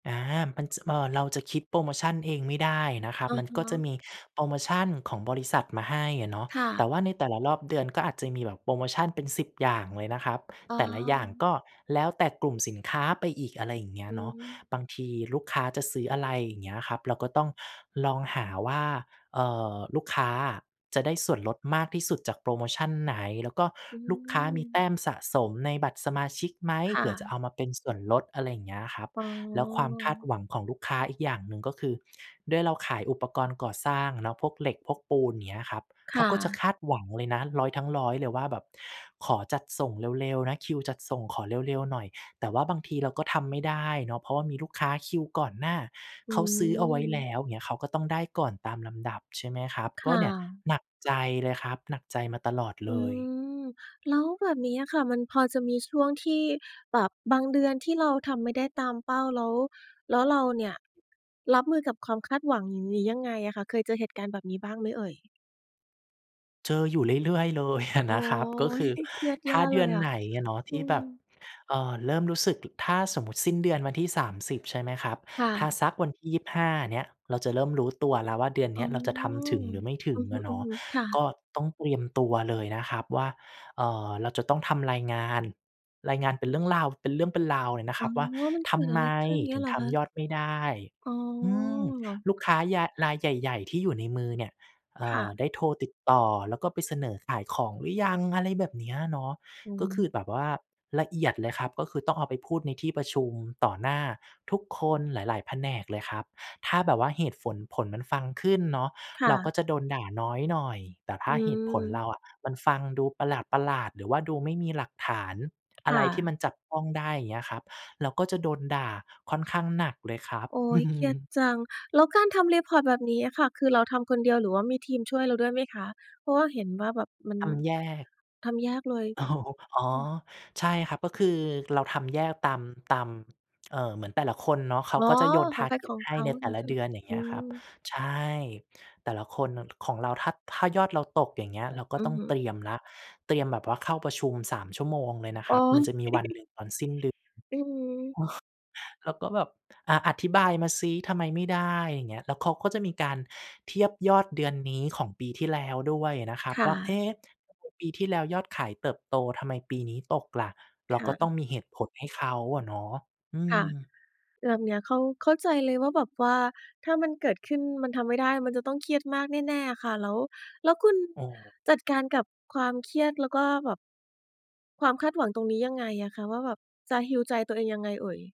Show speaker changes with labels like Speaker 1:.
Speaker 1: อา มันจะ เอ่อ เราจะคิดโพรโมชันเองไม่ได้นะครับ
Speaker 2: อะ
Speaker 1: มันก็
Speaker 2: ฮ
Speaker 1: จะ
Speaker 2: ะ
Speaker 1: มีโพรโมชันของบริษัทมาให้อะเนาะ
Speaker 2: ค่
Speaker 1: แต
Speaker 2: ะ
Speaker 1: ่ว่าในแต่ละรอบเดือน ก็อาจจะมีแบบโพรโมชันเป็น 10 อย่างเลยนะครับ
Speaker 2: อ๋
Speaker 1: แ
Speaker 2: อ
Speaker 1: ต่ละอย่างก็แล้วแต่กลุ่มสินค้าไปอีก อะไรอย่างเงี้
Speaker 2: อ
Speaker 1: ย
Speaker 2: ื
Speaker 1: เนาะ
Speaker 2: ม
Speaker 1: บางทีลูกค้าจะซื้ออะไร อย่างเงี้ยครับ เราก็ต้องลองหาว่า เอ่อ ลูกค้าอะจะได้ส่วนลดมากที่สุดจากโพรโมชันไหน แล้วก็
Speaker 2: อื
Speaker 1: ลูกค้ามีแต
Speaker 2: ม
Speaker 1: ้มสะสมในบัตรสมาชิกไหม
Speaker 2: ค
Speaker 1: เ
Speaker 2: ่
Speaker 1: ผื่อจะเ
Speaker 2: ะ
Speaker 1: อามาเป็นส่วนลด อะไรอย่างเงี้ยครับ
Speaker 2: อ๋อ
Speaker 1: แล้วความคาดหวังของลูกค้าอีกอย่างหนึ่ง ก็คือด้วยเราขายอุปกรณ์ก่อสร้างอะเนาะ พวกเหล็ก พวกปูน เงี้ยครับ
Speaker 2: ค
Speaker 1: เขา
Speaker 2: ่
Speaker 1: ก็จะ
Speaker 2: ะ
Speaker 1: คาดหวังเลยนะ 100 ทั้ง 100 เลยว่าแบบขอจัดส่งเร็ว ๆ นะ คิวจัดส่งขอเร็ว ๆ หน่อย แต่ว่าบางทีเราก็ทำไม่ได้เนาะ เพราะว่ามีลูกค้าคิวก่อนหน้า
Speaker 2: อื
Speaker 1: เขาซื้อเอาไว้แล
Speaker 2: ม
Speaker 1: ้วเงี้ย เขาก็ต้องได้ก่อนตามลำดับ ใช่ไหมครับ
Speaker 2: ค
Speaker 1: ก
Speaker 2: ่
Speaker 1: ็เนี่ย
Speaker 2: ะ
Speaker 1: หนักใจเลยครับ หนักใจมาตลอด
Speaker 2: อ
Speaker 1: เล
Speaker 2: ื
Speaker 1: ย
Speaker 2: ม แล้วแบบนี้อะค่ะ มันพอจะมีช่วงที่แบบบางเดือนที่เราทำไม่ได้ตามเป้า แล้ว แล้วเราเนี่ย รับมือกับความคาดหวังนี้ยังไงอะคะ เคยเจอเหตุการณ์แบบนี้บ้างไหมเอ่ย?
Speaker 1: เจออยู่เรื่อย ๆ เลย อะ
Speaker 2: โอ๊
Speaker 1: นะครับ ก็ค
Speaker 2: ย
Speaker 1: ือ
Speaker 2: เครียด
Speaker 1: ถ
Speaker 2: แย
Speaker 1: ้
Speaker 2: ่
Speaker 1: าเด
Speaker 2: เล
Speaker 1: ือ
Speaker 2: ย
Speaker 1: น
Speaker 2: อะ
Speaker 1: ไหนอะเนาะ ท
Speaker 2: อื
Speaker 1: ี่แบบ
Speaker 2: ม
Speaker 1: เอ่อ เริ่มรู้สึก ถ ถ้าสมมุติสิ้นเดือนวันที่ 30 ใช่ไหมครับ
Speaker 2: ค่
Speaker 1: ถ้า
Speaker 2: ะ
Speaker 1: สักวันที่ 25 เนี้ย เราจะเริ่มรู้ตัวแล้วว่า เดือน
Speaker 2: อ
Speaker 1: เน
Speaker 2: ๋
Speaker 1: ี
Speaker 2: อ
Speaker 1: ้ยเราจะทำถึงหรือไม่ถึ
Speaker 2: อื
Speaker 1: ง
Speaker 2: อ
Speaker 1: อะเนาะ
Speaker 2: ฮึ ๆ ค่ะ
Speaker 1: ก็ต้องเตรียมตัวเลยนะครับว่า เอ่อ เราจะต้องทำรายงาน รายงานเป็นเรื่องราว เป็นเรื่องเป็นราวเลยนะค
Speaker 2: อ๋
Speaker 1: ร
Speaker 2: อ
Speaker 1: ับว่า
Speaker 2: มัน
Speaker 1: ท
Speaker 2: เกิด
Speaker 1: ำ
Speaker 2: อ
Speaker 1: ไ
Speaker 2: ะ
Speaker 1: ม
Speaker 2: ไรขึ้นเงี
Speaker 1: ถ
Speaker 2: ้
Speaker 1: ึ
Speaker 2: ย
Speaker 1: ง
Speaker 2: เหรอ
Speaker 1: ท
Speaker 2: คะ?
Speaker 1: ำยอดไม่ได้
Speaker 2: อ๋
Speaker 1: อืม
Speaker 2: อ
Speaker 1: ลูกค้ายาย รายใหญ่ ๆ ที่อยู่ในมือเนี่ย เอ่
Speaker 2: ค่
Speaker 1: อ
Speaker 2: ะ
Speaker 1: ได้โทรติดต่อ แล้วก็ไปเสนอขายของหรือยัง อะไรแบบเนี้ยเนาะ
Speaker 2: อือ
Speaker 1: ก็ค
Speaker 2: ฮึ
Speaker 1: ือแบบว่า ละเอียดเลยครับ ก็คือต้องเอาไปพูดในที่ประชุม ต่อหน้าทุกคนหลาย ๆ แผนกเลยครับ ถ้าแบบว่าเหตุฝน ผลมันฟังขึ้นเนาะ
Speaker 2: ค่
Speaker 1: เราก็
Speaker 2: ะ
Speaker 1: จะโดนด่าน้อยหน่อย แต่ถ
Speaker 2: อ
Speaker 1: ้
Speaker 2: ื
Speaker 1: าเหตุผลเร
Speaker 2: ม
Speaker 1: าอะ มันฟังดูประหลาด ๆ หรือว่าดูไม่มีหลักฐานอะ
Speaker 2: ค
Speaker 1: ไ
Speaker 2: ่
Speaker 1: รที
Speaker 2: ะ
Speaker 1: ่มันจับต้องได้ อย่างเงี้ยครับ เราก็จะโดนด่าค่อนข้างหนักเลยครับ
Speaker 2: โอ๊ย เครียดจัง แล้วการทำ report แบบนี้อะค่ะ คือเราทำคนเดียว หรือว่ามีทีมช่วยเราด้วยไหมคะ? เพราะว่าเห็นว่าแบบมัน
Speaker 1: ทำแยก
Speaker 2: ทำแยกเลย?
Speaker 1: อ๋อ
Speaker 2: อือ
Speaker 1: ใช่ครับ ก็คือเราทำแยกตาม ตาม เอ่อ เหมือนแต่ละคนเนาะ เขา
Speaker 2: อ๋อ
Speaker 1: ก็จะโยน
Speaker 2: ของใครข
Speaker 1: target
Speaker 2: อง
Speaker 1: ให
Speaker 2: เ
Speaker 1: ้
Speaker 2: ขา
Speaker 1: ในแต
Speaker 2: อย่า
Speaker 1: ่
Speaker 2: งนี้
Speaker 1: ละ
Speaker 2: ใช่ไ
Speaker 1: เ
Speaker 2: ห
Speaker 1: ด
Speaker 2: ม?
Speaker 1: ือน อย่างเ
Speaker 2: อ
Speaker 1: ง
Speaker 2: ื
Speaker 1: ี้ยครับ
Speaker 2: ม
Speaker 1: ใช่ แต่ละคน น ของเราถ้า ถ้ายอดเราตก อย่างเงี้ย เราก็
Speaker 2: อื
Speaker 1: ต้
Speaker 2: อ
Speaker 1: อง
Speaker 2: ฮึ
Speaker 1: เตรียมแล้ว เตรียมแบบว่าเข้าประชุม 3 ชั่วโมงเลยนะค
Speaker 2: อ๋
Speaker 1: ร
Speaker 2: อ
Speaker 1: ับ มันจะมีวันหนึ่งตอนสิ้นเดือน
Speaker 2: อือฮึ
Speaker 1: เราก็แบบ "อะ อธิบายมาซิ ทำไมไม่ได้?" อย่างเงี้ย แล้วเขาก็จะมีการเทียบยอดเดือนนี้ของปีที่แล้วด้วยนะครั
Speaker 2: ค
Speaker 1: บ
Speaker 2: ่
Speaker 1: ว่า "เอ
Speaker 2: ะ
Speaker 1: ๊ะ ปีที่แล้วยอดขายเติบโต ทำไมปีนี้ตกล่ะ?" เ
Speaker 2: ค
Speaker 1: ราก
Speaker 2: ่
Speaker 1: ็ต
Speaker 2: ะ
Speaker 1: ้องมีเหตุผลให้เขาอะเนาะ อื
Speaker 2: ค่ะ
Speaker 1: ม
Speaker 2: แบบเนี้ยเข้า เข้าใจเลยว่าแบบว่า ถ้ามันเกิดขึ้นมันทำไม่ได้ มันจะต้องเครียดมากแน่ ๆ อ่ะค่ะ แล้ว แล้วคุณ
Speaker 1: โอ้โฮ
Speaker 2: จัดการกับความเครียด แล้วก็แบบ ความคาดหวังตรงนี้ยังไงอ่ะคะ ว่าแบบจะ heal ใจตัวเองยังไงเอ่ย?